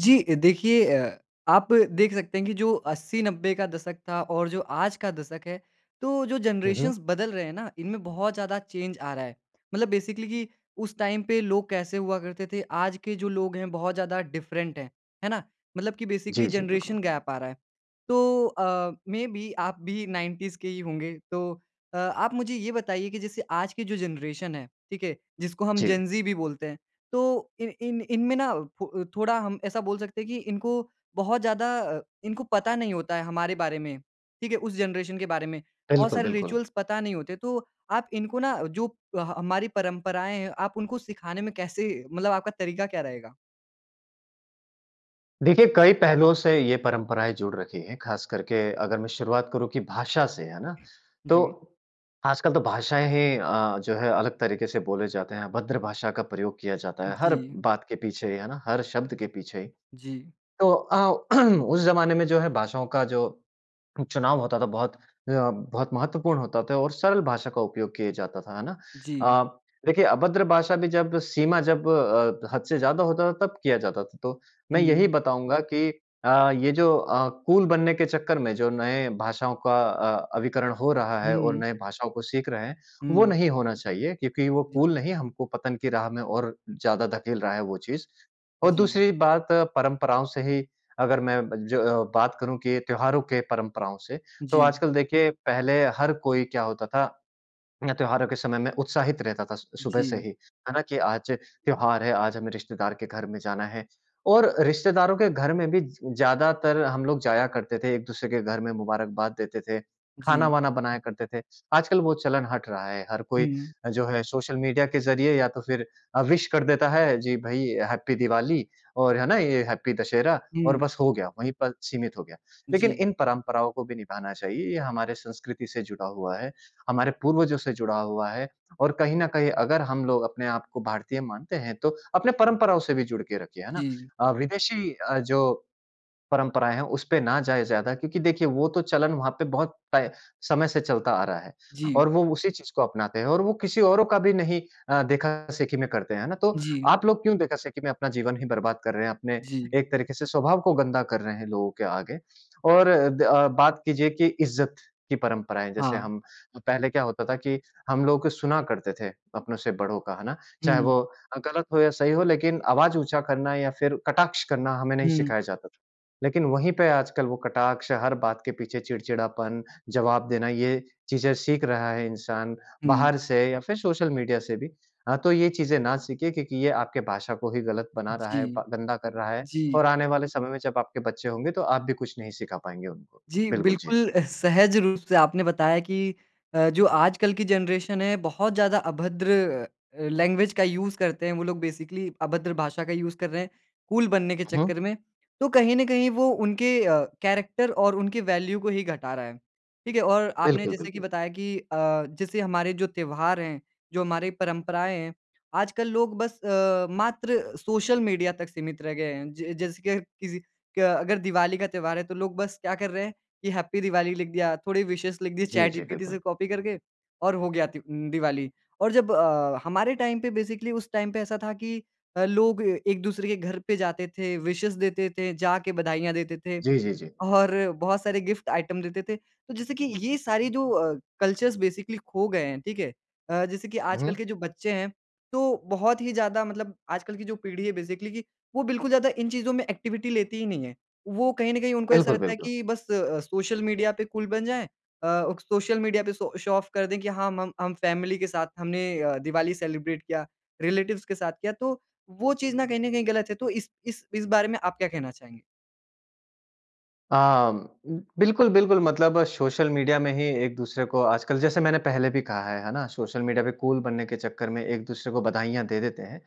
जी अ, देखिए अ, आप देख सकते हैं कि जो 80-90 का दशक था और जो आज का दशक है, तो जो हुँ, हुँ। जनरेशन्स बदल रहे हैं ना, इनमें बहुत ज़्यादा चेंज आ रहा है मतलब बेसिकली कि उस टाइम पे लोग कैसे हुआ करते थे, आज के जो लोग हैं बहुत ज़्यादा डिफ़रेंट हैं। है ना? मतलब कि जी, बेसिकली जी, जनरेशन बिल्कुल। गैप आ रहा है। तो अ, मेबी आप भी 90s के ही होंगे तो अ, आप मुझे ये बताइए कि जैसे आज की जो जनरेशन है, ठीक है, जिसको हम जी। जेन-ज़ी भी बोलते हैं, तो इन इन इन में ना फ अ, थोड़ा हम ऐसा बोल सकते हैं कि इनको बहुत ज़्यादा अ, इनको पता नहीं होता है हमारे बारे में, ठीक है? उस जनरेशन के बारे में। बहुत बिल्कुल, सारे बिल्कुल। रिचुअल्स पता नहीं होते तो आप इनको ना जो अ, हमारी परंपराएँ हैं, आप उनको सिखाने में कैसे मतलब आपका तरीका क्या रहेगा? देखिए कई पहलुओं से ये परंपराएँ जुड़ रखी हैं, ख़ासकर के अगर मैं शुरुआत करूँ कि भाषा से, है ना? जी। तो आजकल तो भाषाएँ ही अ, जो है अलग तरीके से बोले जाते हैं, अभद्र भाषा का प्रयोग किया जाता है। हर जी। बात के पीछे ही, है ना? हर शब्द के पीछे ही। जी। तो अ, उस ज़माने में जो है भाषाओं का जो चुनाव होता था, बहुत अ, बहुत महत्वपूर्ण होता था और सरल भाषा का उपयोग किए जाता था, है ना? जी। अ, देखिए, अभद्र भाषा भी जब सीमा जब अ, हद से ज़्यादा होता था तब किया जाता था। तो मैं यही हुँ। बताऊँगा कि अ, ये जो अ, कूल बनने के चक्कर में जो नए भाषाओं का अ, अभिकरण हो रहा है और हुँ। नए भाषाओं को सीख रहे हैं, वो हुँ। नहीं होना चाहिए क्योंकि वो जी। कूल नहीं, हमको पतन की राह में और ज़्यादा धकेल रहा है वो चीज़। और जी। दूसरी बात परंपराओं से ही अगर मैं ब ज अ, बात करूँ कि त्योहारों के परंपराओं से। तो जी। आजकल देखिए पहले हर कोई क्या होता था, मैं त्योहारों के समय में उत्साहित रहता था स सुबह से जी। ही, है ना? कि, "आज त्योहार है, आज हमें रिश्तेदार के घर में जाना है।" और रिश्तेदारों के घर में भी ज ज़्यादातर हम लोग जाया करते थे, एक-दूसरे के घर में मुबारकबाद देते थे, जी। खाना-वाना बनाया करते थे। आजकल वो चलन हट रहा है। हर कोई हुँ। जो है सोशल मीडिया के ज़रिये या तो फिर अ, विश कर देता है। जी भई, हैप्पी दिवाली और है ना? ये हैप्पी दशहरा और हुँ। बस हो गया। वहीं पर सीमित हो गया। लेकिन जी। इन परंपराओं को भी निभाना चाहिए। ये हमारे संस्कृति से जुड़ा हुआ है, हमारे पूर्वजों से जुड़ा हुआ है और कहीं न कहीं अगर हम लोग अपने आप को भारतीय मानते हैं, तो अपने परंपराओं से भी जुड़ के रखिए। है ना? जी। अ, विदेशी अ, जो परंपराएँ हैं, उसपे ना जाएँ ज़्यादा क्योंकि देखिए, वो तो चलन वहाँ पे बहुत तय समय से चलता आ रहा है जी। और वो उसी चीज़ को अपनाते हैं और वो किसी औरों का भी नहीं अ, देखा-देखी में करते हैं। है ना? तो जी। आप लोग क्यों देखा-देखी में अपना जीवन ही बर्बाद कर रहे हैं, अपने जी। एक तरीके से स्वभाव को गंदा कर रहे हैं लोगों के आगे और द अ, बात कीजिए कि इज़्ज़त की परंपराएँ, जैसे हाँ। हम पहले क्या होता था कि हम लोग सुना करते थे अपनों से बड़ों का, है ना? चाहे हुँ। वो गलत हो या सही हो, लेकिन आवाज़ ऊँचा करना या फिर कटाक्ष करना हमें नहीं हुँ। सिखाया जाता था। लेकिन वहीं पे आजकल वो कटाक्ष, हर बात के पीछे चिड़चिड़ापन, जवाब देना, ये चीज़ें सीख रहा है इंसान हुँ। बाहर से या फिर सोशल मीडिया से भी। अ, तो ये चीज़ें ना सीखें क्योंकि ये आपके भाषा को ही गलत बना रहा जी। है, ब गंदा कर रहा है जी। और आने वाले समय में जब आपके बच्चे होंगे, तो आप भी कुछ नहीं सिखा पाएँगे उनको। जी, बिल्कुल, जी। बिल्कुल अ, सहज रूप से आपने बताया कि अ, जो आजकल की जनरेशन है, बहुत ज़्यादा अभद्र अ, लैंग्वेज का यूज़ करते हैं, वो लोग बेसिकली अभद्र भाषा का यूज़ कर रहे हैं कूल बनने के हुँ, हुँ। चक्कर में। तो कहीं न कहीं वो उनके अ, कैरेक्टर और उनकी वैल्यू को ही घटा रहा है। ठीक है? और आपने बिल्कुल, जैसे की बिल्कुल। बताया कि अ, जैसे हमारे जो त्योहार हैं, जो हमारी परंपराएँ हैं, आजकल लोग बस अ, मात्र सोशल मीडिया तक सीमित रह गए हैं। ज जैसे कि अ, किसी क अगर दिवाली का त्योहार है, तो लोग बस क्या कर रहे हैं कि हैप्पी दिवाली लिख दिया, थोड़े विशेज़ लिख दिए जी, चैट जी, जीपीटी से बिल्कुल। कॉपी करके और हो गया त्य उम, दिवाली और जब अ, हमारे टाइम पे बेसिकली उस टाइम पे ऐसा था कि अ, लोग एक-दूसरे के घर पे जाते थे, विशेज़ देते थे, जाके बधाइयाँ देते थे जी, जी, जी। और बहुत सारे गिफ़्ट आइटम देते थे। तो जैसे कि ये सारी जो अ, कल्चर्स बेसिकली खो गए हैं। ठीक है? अ, जैसे कि हुँ, आजकल हुँ। के जो बच्चे हैं, तो बहुत ही ज़्यादा मतलब आजकल की जो पीढ़ी है बेसिकली कि वो बिल्कुल ज़्यादा इन चीज़ों में एक्टिविटी लेती ही नहीं है। वो कहीं न कहीं उनको ऐसा बिल्कुल, रहता है बिल्कुल। कि बस अ, सोशल मीडिया पे कूल बन जाएँ। अ, क सोशल मीडिया पे सो शो ऑफ़ कर दें कि हाँ, मम हम फ़ैमिली के साथ हमने अ, दिवाली सेलिब्रेट किया, रिलेटिव्स के साथ किया। तो वो चीज़ ना कहीं न कहीं गलत है। तो इस इस इस बारे में आप क्या कहना चाहेंगे? आम बिल्कुल, बिल्कुल। मतलब सोशल मीडिया में ही एक दूसरे को आजकल जैसे मैंने पहले भी कहा है है ना? सोशल मीडिया पे कूल बनने के चक्कर में एक दूसरे को बधाइयाँ दे देते हैं।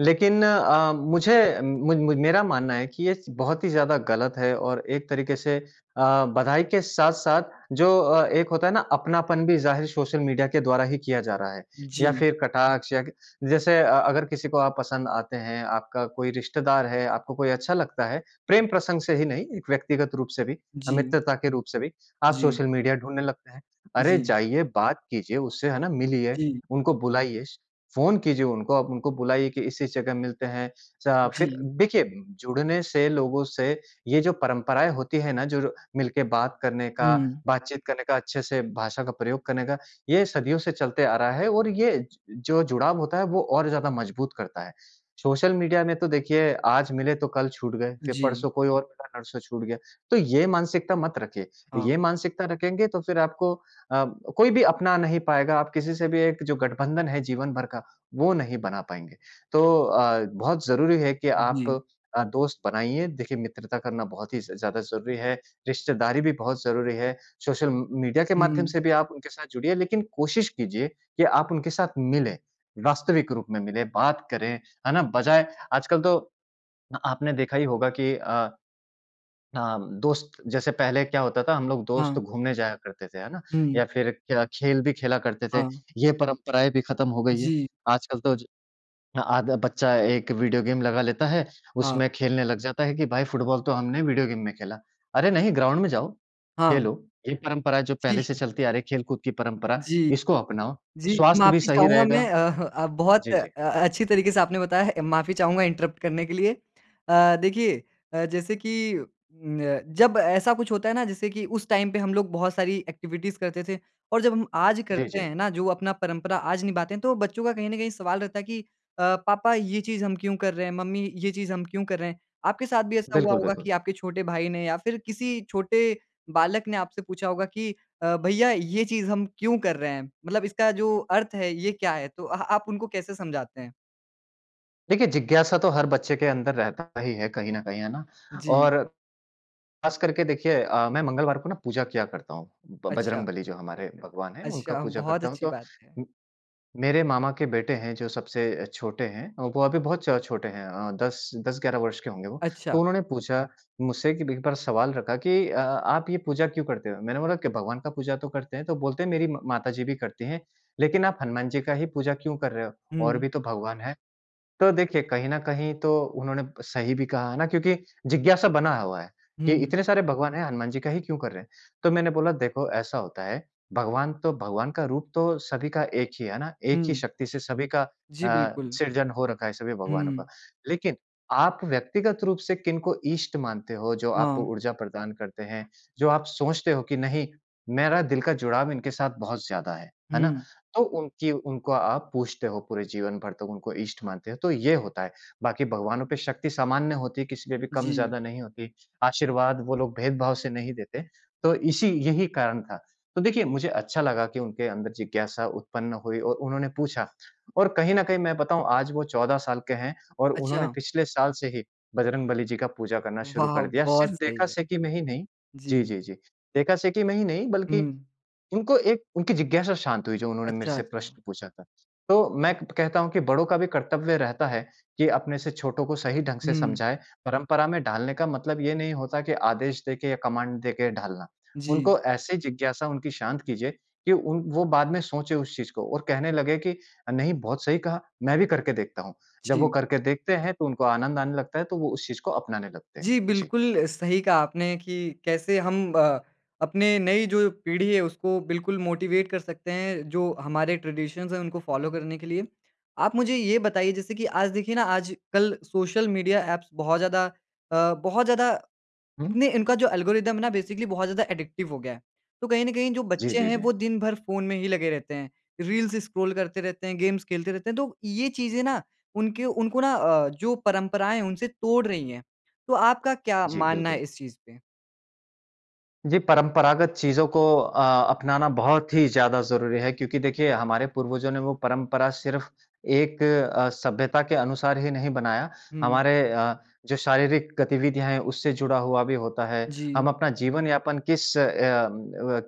लेकिन अ, मुझे म म मेरा मानना है कि ये स बहुत ही ज़्यादा ग़लत है। और एक तरीके से अ, बधाई के साथ-साथ जो अ, एक होता है ना अपनापन भी ज़ाहिर सोशल मीडिया के द्वारा ही किया जा रहा है। या जी। फिर कटाक्ष या ग जैसे अ, अगर किसी को आप पसंद आते हैं, आपका कोई रिश्तेदार है, आपको कोई अच्छा लगता है, प्रेम प्रसंग से ही नहीं, एक व्यक्तिगत रूप से भी अ, जी। मित्रता के रूप से भी आप जी। सोशल मीडिया ढूँढने लगते हैं। अरे जी। जाइए बात कीजिए उससे, है ना। मिलिए, जी। उनको बुलाइए, फ़ोन कीजिए उनको आप, उनको बुलाइए कि इस इस जगह मिलते हैं। चा फिर जी। देखिए जुड़ने से लोगों से ये जो परंपराएँ होती हैं ना जो र मिलके बात करने का, हुँ। बातचीत करने का, अच्छे से भाषा का प्रयोग करने का ये सदियों से चलते आ रहा है और ये ज जो जुड़ाव होता है वो और ज़्यादा मज़बूत करता है। सोशल मीडिया में तो देखिए आज मिले तो कल छूट गए फिर जी। परसों कोई और मिला नरसों छूट गया। तो ये मानसिकता मत रखिए। ये हाँ। मानसिकता रखेंगे तो फिर आपको अ, कोई भी अपना नहीं पाएगा। आप किसी से भी एक जो गठबंधन है जीवन भर का वो नहीं बना पाएँगे। तो अ, बहुत ज़रूरी है कि आप जी। अ, दोस्त बनाइए। देखिए मित्रता करना बहुत ही ज़ ज़्यादा ज़रूरी है। रिश्तेदारी भी बहुत ज़रूरी है। सोशल म मीडिया के माध्यम हुँ। से भी आप उनके साथ जुड़िए लेकिन कोशिश कीजिए कि आप उनके साथ मिलें। वास्तविक रूप में मिलें, बात करें, है ना। बजाए आजकल तो अ, आपने देखा ही होगा कि अ, हाँ, दोस्त जैसे पहले क्या होता था हम लोग हाँ। दोस्त घूमने जाया करते थे। है ना। या हुँ। फिर क्या खेल भी खेला करते थे, हाँ। ये परंपराएँ भी खत्म हो गई हैं। जी। आजकल तो ज आधा बच्चा एक वीडियो गेम लगा लेता है हाँ। उसमें खेलने लग जाता है कि भाई फ़ुटबॉल तो हमने वीडियो गेम में खेला। अरे नहीं ग्राउंड में जाओ, हाँ। खेलो। ये परंपरा जो पहले ठीक से है। चलती आ रही है खेलकूद की परंपरा, जी। इसको अपनाओ, जी स्वास्थ्य भी माफ़ी सही चाहूँगा मैं रहेगा अह, अ, बहुत जी, अ, जी। अच्छी तरीके से आपने बताया है। अ, माफ़ी चाहूँगा इन्टरप्ट करने के लिए। अ, देखिए अ, जैसे कि अ, जब ऐसा कुछ होता है ना जैसे कि उस टाइम पे हम लोग बहुत सारी एक्टिविटीज़ करते थे और जब हम आज जी, करते जी। हैं ना जो अपना परंपरा आज निभाते हैं तो बच्चों का कहीं ना कहीं सवाल रहता है कि अ, पापा ये चीज़ हम क्यों कर रहे हैं? मम्मी ये चीज़ हम क्यों कर रहे हैं? आपके साथ भी ऐसा हुआ बिल्कुल, होगा बिल्कुल। कि आपके छोटे भाई ने या फिर किसी छोटे बालक ने आपसे पूछा होगा कि अ, भैया ये चीज़ हम क्यों कर रहे हैं? मतलब इसका जो अर्थ है ये क्या है? तो अ आप उनको कैसे समझाते हैं? देखिए, जिज्ञासा तो हर बच्चे के अंदर रहता ही है कहीं न कहीं है ना? जी। और खास करके देखिए अ, मैं मंगलवार को ना पूजा किया करता हूँ, ब अच्छा। बजरंगबली जो हमारे भगवान हैं, उनका अच्छा, पूजा बहुत करता हूँ। अच्छी तो बात है। मेरे मामा के बेटे हैं जो सबसे छोटे हैं, वो अभी बहुत छ छोटे हैं अ, 10, 10-11 वर्ष के होंगे वो। अच्छा। तो उन्होंने पूछा मुझसे कि भी एक बार सवाल रखा कि, "अ, आप ये पूजा क्यों करते हो?" मैंने बोला कि, "भगवान का पूजा तो करते हैं," तो बोलते हैं, "मेरी म माता जी भी करती हैं, लेकिन आप हनुमान जी का ही पूजा क्यों कर रहे हो? और हुँ। भी तो भगवान हैं।" तो देखिए, कहीं न कहीं तो उन्होंने सही भी कहा है ना, क्योंकि जिज्ञासा बना हुआ है कि हुँ। इतने सारे भगवान हैं, हनुमान जी का ही क्यों कर रहे हैं? तो मैंने बोला, "देखो ऐसा होता है, भगवान तो भगवान का रूप तो सभी का एक ही है, है ना? एक ही हुँ। शक्ति से सभी का जी, अ, बिल्कुल। सृजन हो रखा है सभी भगवानों का। हुँ। लेकिन आप व्यक्तिगत रूप से किनको ईष्ट मानते हो जो आपको हाँ। ऊर्जा प्रदान करते हैं, जो आप सोचते हो कि नहीं, मेरा दिल का जुड़ाव इनके साथ बहुत ज़्यादा है। है ना? हुँ। तो उनकी उनको आप पूजते हो पूरे जीवन भर तक उनको इष्ट मानते हो, तो ये होता है। बाकी भगवानों पे शक्ति सामान्य होती है, किसी पे भी जी। कम-ज़्यादा नहीं होती। आशीर्वाद वो लोग भेदभाव से नहीं देते तो इसी यही कारण था।" तो देखिए, मुझे अच्छा लगा कि उनके अंदर जिज्ञासा उत्पन्न हुई और उन्होंने पूछा और कहीं न कहीं मैं बताऊँ आज वो 14 साल के हैं और उन्होंने अच्छा। पिछले साल से ही बजरंगबली जी का पूजा करना शुरू वाह! कर दिया। बहुत सिर्फ़ सही देखा है। से की में ही नहीं, जी, जी। जी, जी। देखा से की में ही नहीं बल्कि हुँ। उनको एक उनकी जिज्ञासा शाँत हुई जो उन्होंने मेरे अच्छा, से अच्छा। प्रश्न पूछा था। तो मैं कहता हूँ कि बड़ों का भी कर्तव्य रहता है कि अपने से छोटों को सही ढंग से हुँ। समझाए, परंपरा में डालने का मतलब ये नहीं होता कि आदेश देके या कमांड देके ढालना। जी। उनको ऐसे जिज्ञासा उनकी शाँत कीजिए कि उन वो बाद में सोचे उस चीज़ को और कहने लगे कि, "अ, नहीं बहुत सही कहा। मैं भी करके देखता हूँ।" जब वो जी। करके देखते हैं तो उनको आनंद आने लगता है तो वो उस चीज़ को अपनाने लगते हैं। जी, जी। बिल्कुल सही कहा आपने कि कैसे हम अ, अपने नई जो पीढ़ी है उसको बिल्कुल मोटिवेट कर सकते हैं, जो हमारे ट्रेडिशंस हैं उनको फॉलो करने के लिए। आप मुझे ये बताइए जैसे कि आज देखिए ना आजकल सोशल मीडिया एप्स बहुत ज़्यादा अ, बहुत ज़्यादा हुँ। इतने इनका जो एल्गोरिदम है ना बेसिकली बहुत ज़्यादा एडिक्टिव हो गया है। तो कहीं न कहीं जो जी, बच्चे जी, हैं जी। वो दिन भर फ़ोन में ही लगे रहते हैं। रील्स स्क्रॉल करते रहते हैं, गेम्स खेलते रहते हैं तो ये चीज़ें ना उनके उनको ना अ, जो परंपराएँ हैं उनसे तोड़ रही हैं। तो आपका क्या जी, मानना है बिल्कुल। इस चीज़ पे? जी परंपरागत चीज़ों को अ, अपनाना बहुत ही ज़्यादा ज़रूरी है। क्योंकि देखिए, हमारे पूर्वजों ने वो परंपरा सिर्फ़ एक अ, सभ्यता के अनुसार ही नहीं बनाया, हुँ। हमारे अ, जो शारीरिक गतिविधियाँ हैं उससे जुड़ा हुआ भी होता है। जी। हम अपना जीवन यापन किस अ अ,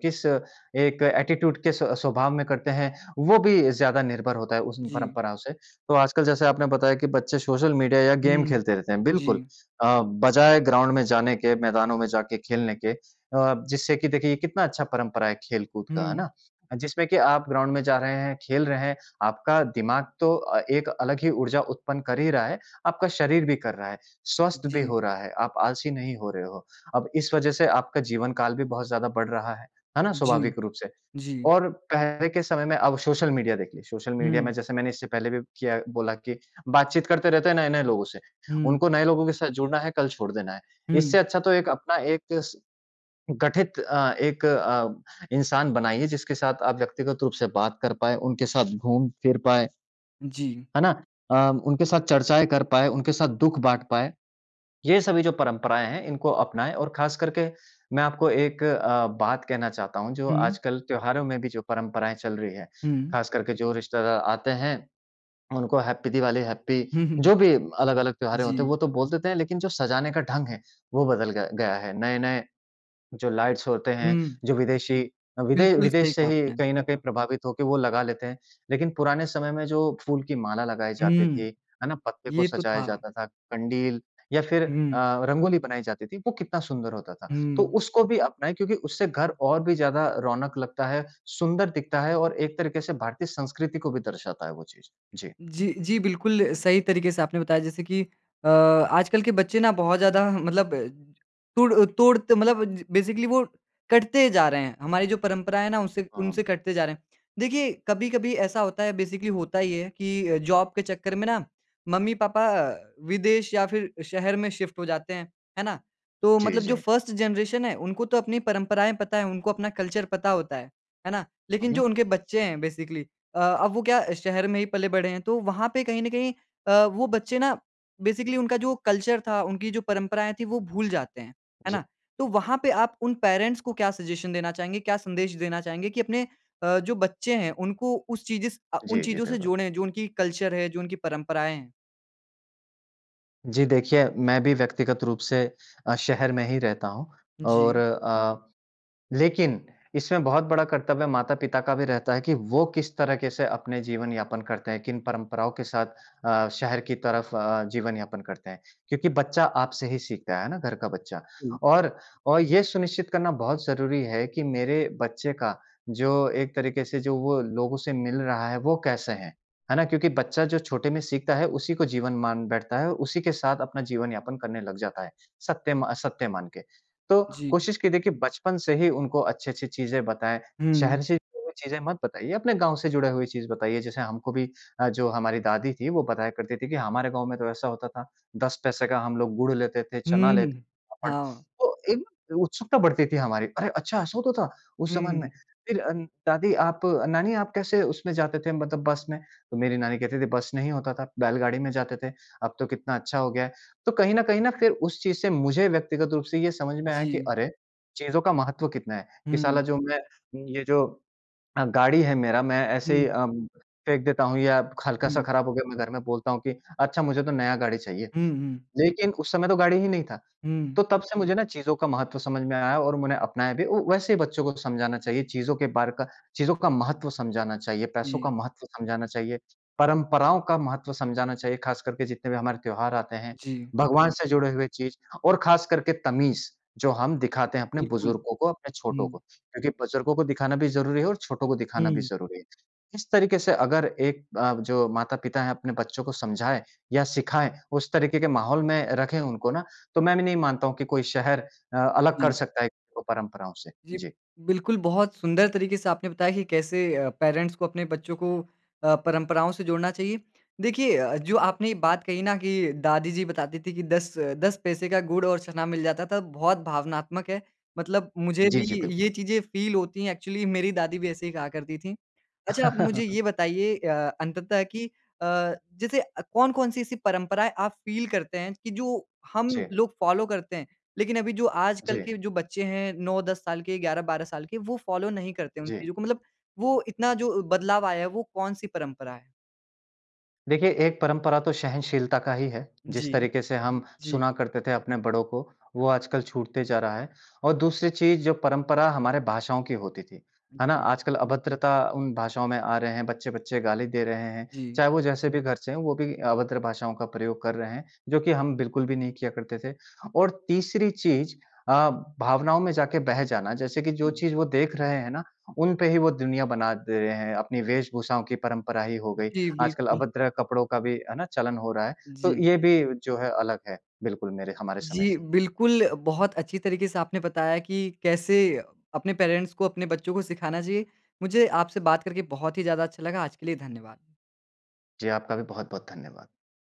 किस एक एटीट्यूड किस स्वभाव में करते हैं, वो भी ज़्यादा निर्भर होता है उस म जी। परंपराओं से। तो आजकल जैसे आपने बताया कि बच्चे सोशल मीडिया या गेम हुँ, खेलते रहते हैं, बिल्कुल। जी। अ, बजाय ग्राउंड में जाने के, मैदानों में जाके खेलने के, अ, जिससे कि देखिए ये कितना अच्छा परंपरा है खेलकूद का। है हुँ। ना? जिसमें कि आप ग्राउंड में जा रहे हैं, खेल रहे हैं, आपका दिमाग तो अ, एक अलग ही ऊर्जा उत्पन्न कर ही रहा है। आपका शरीर भी कर रहा है, स्वस्थ भी जी। हो रहा है। आप आलसी नहीं हो रहे हो। अब इस वजह से आपका जीवनकाल भी बहुत ज़्यादा बढ़ रहा है, है ना? जी, स्वाभाविक रूप से। जी। और पहले के समय में, अब सोशल मीडिया देख लें, सोशल मीडिया में हुँ। जैसे मैंने इससे पहले भी किया बोला कि बातचीत करते रहते हैं नए-नए लोगों से। हुँ। उनको नए लोगों के साथ जुड़ना है, कल छोड़ देना है। इससे हुँ। अच्छा तो एक अपना एक स गठित अ, एक अ, इंसान बनाइए जिसके साथ आप व्यक्तिगत रूप से बात कर पाएँ, उनके साथ घूम-फिर पाएँ। जी। है ना? अ, उनके साथ चर्चाएँ कर पाएँ, उनके साथ दुःख बाँट पाएँ। ये सभी जो परंपराएँ हैं, इनको अपनाएँ और खास करके मैं आपको एक अ, बात कहना चाहता हूँ जो हुँ। आजकल त्योहारों में भी जो परंपराएँ चल रही हैं, हुँ। खास करके जो रिश्तेदार आते हैं, उनको हैप्पी दिवाली, हैप्पी, हुँ, हुँ। जो भी अलग-अलग त्योहारें होते हैं, वो जी। तो बोल देते हैं, लेकिन जो सजाने का ढंग है वो बदल ग गया है। नए-नए जो लाइट्स होते हैं, हुँ। जो विदेशी अ, विदे बिल्कुल, सही विदेश से कहा ही आपने। कहीं न कहीं प्रभावित होके वो लगा लेते हैं। लेकिन पुराने समय में जो फूल की माला लगाई जाती हुँ। थी, है ना? पत्ते को ये तो सजाया था। जाता था, कंडील या फिर अ, हुँ। रंगोली बनाई जाती थी, वो कितना सुंदर होता था। तो हुँ। उसको भी अपनाएँ क्योंकि उससे घर और भी ज़्यादा रौनक लगता है, सुंदर दिखता है और एक तरीके से भारतीय संस्कृति को भी दर्शाता है वो चीज़। जी। जी, जी बिल्कुल सही तरीके से आपने बताया जैसे कि अ, आजकल के बच्चे ना बहुत ज़्यादा मतलब तुड़ अ, तुड़त मतलब बेसिकली वो कटते जा रहे हैं। हमारे जो परंपरा है ना, उससे उनसे हाँ। कटते जा रहे हैं। देखिए कभी-कभी ऐसा होता है बेसिकली होता ये है कि जॉब के चक्कर में ना, मम्मी-पापा विदेश या फिर शहर में शिफ्ट हो जाते हैं। है ना? तो जी, मतलब जो जी। फर्स्ट जनरेशन है, उनको तो अपनी परंपराएँ पता है, उनको अपना कल्चर पता होता है। है ना? हुँ, लेकिन जो हुँ। उनके बच्चे हैं बेसिकली अ, अब वो क्या शहर में ही पले बड़े हैं, तो वहाँ पे कहीं न कहीं अ, वो बच्चे ना बेसिकली उनका जो कल्चर था, उनकी जो परंपराएँ थीं वो भूल जाते हैं। है जी। ना? तो वहाँ पे आप उन पेरेंट्स को क्या सजेशन देना चाहेंगे? क्या संदेश देना चाहेंगे? कि अपने अ, जो बच्चे हैं उनको उस चिजस अ, उन जी, जी, चीज़ों से बिल्कुल। जोड़ें, जो उनकी कल्चर है, जो उनकी परंपराएँ हैं। जी देखिए, मैं भी व्यक्तिगत रूप से अ, शहर में ही रहता हूँ और जी। अ, लेकिन इसमें बहुत बड़ा कर्तव्य माता-पिता का भी रहता है कि वो किस तरीके से अपने जीवन यापन करते हैं, किन परंपराओं के साथ अ, शहर की तरफ अ, जीवन यापन करते हैं। क्योंकि बच्चा आपसे ही सीखता है, है ना? घर का बच्चा। हुँ। और अ, ये सुनिश्चित करना बहुत ज़रूरी है कि मेरे बच्चे का जो एक तरीके से जो वो लोगों से मिल रहा है वो कैसे हैं? है ना? क्योंकि बच्चा जो छोटे में सीखता है, उसी को जीवन मान बैठता है, उसी के साथ अपना जीवन यापन करने लग जाता है, सत्य मा सत्य मान के। तो जी। कोशिश कि देखिए बचपन से ही उनको अच्छी-अच्छी चीज़ें बताएँ। हुँ। शहर से जुड़ी हुई चीज़ें मत बताइए, अपने गाँव से जुड़े हुए चीज़ बताइए जैसे हमको भी अ, जो हमारी दादी थी, वो बताया करती थी कि, हमारे गाँव में तो ऐसा होता था। 10 पैसे का हम लोग गुड़ लेते थे, चना हुँ, लेते हुँ। थे। [unintelligible] हाँ। तो एक उत्सुकता बढ़ती थी हमारी, "अरे! अच्छा ऐसा होता था उस हुँ, हुँ, ज़माने में? हुँ। फिर दादी आप नानी आप कैसे उसमें जाते थे मतलब बस में?" तो मेरी नानी कहती थी, "बस नहीं होता था, बैलगाड़ी में जाते थे, अब तो कितना अच्छा हो गया है।" तो कहीं न कहीं ना फिर उस चीज़ से मुझे व्यक्तिगत रूप से ये समझ में आया कि जी। अरे, चीज़ों का महत्व कितना है? कि साला हुँ। जो मैं ये जो अ, गाड़ी है मेरा मैं ऐसे ही हुँ। अ, फेंक देता हूँ या हल्का-सा हुँ। खराब हो गया मैं घर में बोलता हूँ कि, "अच्छा मुझे तो नया गाड़ी चाहिए।" हुँ, हुँ। लेकिन उस समय तो गाड़ी ही नहीं था। हुँ। तो तब से मुझे ना चीज़ों का महत्व समझ में आया और मैंने अपनाया भी वू वैसे ही बच्चों को समझाना चाहिए, चीज़ों के बारे का चीज़ों का महत्व समझाना चाहिए, पैसों का जी। महत्व समझाना चाहिए, परंपराओं का महत्व समझाना चाहिए, खास करके जितने भी हमारे त्योहार आते हैं, जी। भगवान से जुड़े हुए चीज़ और खासकर के तमीज़, जो हम दिखाते हैं अपने बिल्कुल, बुजुर्गों को, अपने छोटों को। हुँ। क्योंकि बुजुर्गों को दिखाना भी ज़रूरी है और छोटों को दिखाना भी हुँ। ज़रूरी है। इस तरीके से अगर एक अ, जो माता-पिता हैं अपने बच्चों को समझाएँ या सिखाएँ, उस तरीके के माहौल में रखें उनको ना, तो मैं भी नहीं मानता हूँ कि कोई शहर अ, अलग कर जी। सकता है इनको परंपराओं से। जी, जी। बिल्कुल बहुत सुंदर तरीके से आपने बताया कि कैसे अ, पेरेंट्स को अपने बच्चों को अ, परंपराओं से जोड़ना चाहिए। देखिए अ अ, जो आपने ये बात कही ना कि दादी जी बताती थी कि 10-10 पैसे का गुड़ और चना मिल जाता था बहुत भावनात्मक है मतलब मुझे भी जी, जी, ये बिल्कुल। चीज़ें फील होती हैं। एक्चुअली मेरी दादी भी ऐसे ही कहा करती थी। अच्छा, आप मुझे ये बताइए अ, अंततः कि अ, जैसे कौन-कौन सी ऐसी परंपराएँ आप फील करते हैं कि जो हम जी। लोग फॉलो करते हैं। लेकिन अभी जो आजकल जी। के जो बच्चे हैं। 9-10 साल के, 11-12 साल के वो फॉलो नहीं करते उन जी। चीज़ों को मतलब वो इतना जो बदलाव आया है वो कौन-सी परंपरा है? देखिए एक परंपरा तो सहनशीलता का ही है। जिस जी, तरीके से हम जी। सुना करते थे अपने बड़ों को वो आजकल छूटते जा रहा है। और दूसरी चीज़ जो परंपरा हमारे भाषाओं की होती थी, है ना? जी। आजकल अभद्रता उन भाषाओं में आ रहे हैं, बच्चे-बच्चे गाली दे रहे हैं। जी। चाहे वो जैसे भी घर से हैं वो भी अभद्र भाषाओं का प्रयोग कर रहे हैं, जो कि हम बिल्कुल भी नहीं किया करते थे। और तीसरी चीज़ अ, भावनाओं में जाकर बह जाना जैसे कि जो चीज़ वो देख रहे हैं ना उनपे ही वो दुनिया बना दे रहे हैं। अपनी वेशभूषाओं की परंपरा ही हो गयी। जी, आजकल बिल्कुल। अभद्र कपड़ों का भी, है ना? चलन हो रहा है। तो जी। ये भी जो है अलग है बिल्कुल मेरे हमारे समय से। जी, बिल्कुल। बहुत अच्छी तरीके से आपने बताया कि कैसे अपने पेरेंट्स को अपने बच्चों को सिखाना चाहिए। मुझे आपसे बात करके बहुत ही ज़्यादा अच्छा लगा। आज के लिए धन्यवाद। जी, आपका भी बहुत-बहुत धन्यवाद।